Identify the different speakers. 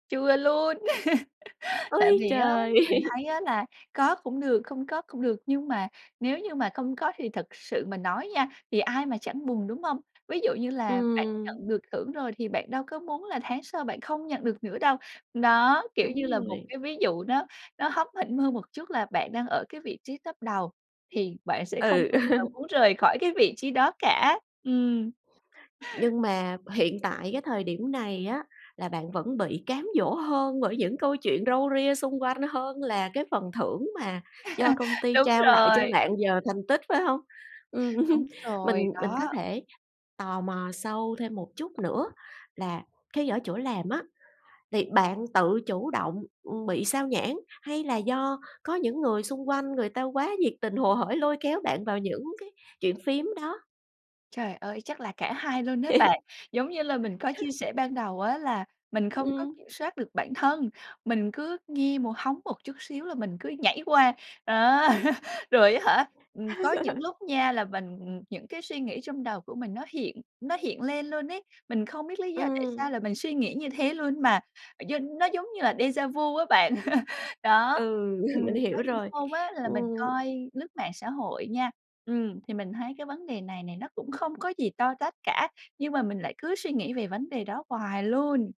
Speaker 1: Chưa luôn. Tại
Speaker 2: Ôi
Speaker 1: vì á,
Speaker 2: trời!
Speaker 1: mình thấy á là có cũng được, không có cũng được, nhưng mà nếu như mà không có thì thật sự mà nói nha thì ai mà chẳng buồn, đúng hông? Ví dụ như là bạn
Speaker 2: Ừm.
Speaker 1: nhận được thưởng rồi thì bạn đâu có muốn là tháng sau bạn không nhận được nữa đâu. Nó, kiểu như
Speaker 2: Đúng
Speaker 1: là, một
Speaker 2: rồi.
Speaker 1: cái ví dụ nó nó hóm hỉnh hơn một chút là bạn đang ở cái vị trí top đầu, thì bạn sẽ không
Speaker 2: Ừ.
Speaker 1: bao giờ muốn rời khỏi cái vị trí đó cả. Ừm.
Speaker 2: Nhưng mà hiện tại cái thời điểm này á là bạn vẫn bị cám dỗ hơn bởi những câu chuyện râu ria xung quanh hơn là cái phần thưởng mà do công ty
Speaker 1: Đúng
Speaker 2: trao lại cho
Speaker 1: rồi.
Speaker 2: bạn giờ thành tích, phải hông? Ừm,
Speaker 1: Đúng rồi,
Speaker 2: mình mình có
Speaker 1: đó.
Speaker 2: thể tò mò sâu thêm một chút nữa là cái ở chỗ làm á, thì bạn tự chủ động, ưm, bị xao nhãng hay là do có những người xung quanh, người ta quá nhiệt tình, hồ hởi lôi kéo bạn vào những cái chuyện phiếm đó.
Speaker 1: Trời ơi, chắc là cả hai luôn á bạn. Giống như là mình có chia sẻ ban đầu á là mình không có
Speaker 2: Ừm.
Speaker 1: kiểm soát được bản thân, mình cứ nghe mồ hóng một chút xíu là mình cứ nhảy qua, đó. Rồi á hả, ừm, có những lúc nha là mình những cái suy nghĩ trong đầu của mình nó hiện nó hiện lên luôn ấy, mình không biết lý do tại
Speaker 2: Ừm.
Speaker 1: sao là mình suy nghĩ như thế luôn mà gi nó giống như là déjà vu á bạn. Đó,
Speaker 2: Ừ,
Speaker 1: ừm,
Speaker 2: mình hiểu
Speaker 1: có những
Speaker 2: rồi.
Speaker 1: hôm á là mình
Speaker 2: Ừm.
Speaker 1: coi lướt mạng xã hội nha, ừm, thì mình thấy cái vấn đề này này nó cũng không có gì to tát cả, nhưng mà mình lại cứ suy nghĩ về vấn đề đó hoài luôn.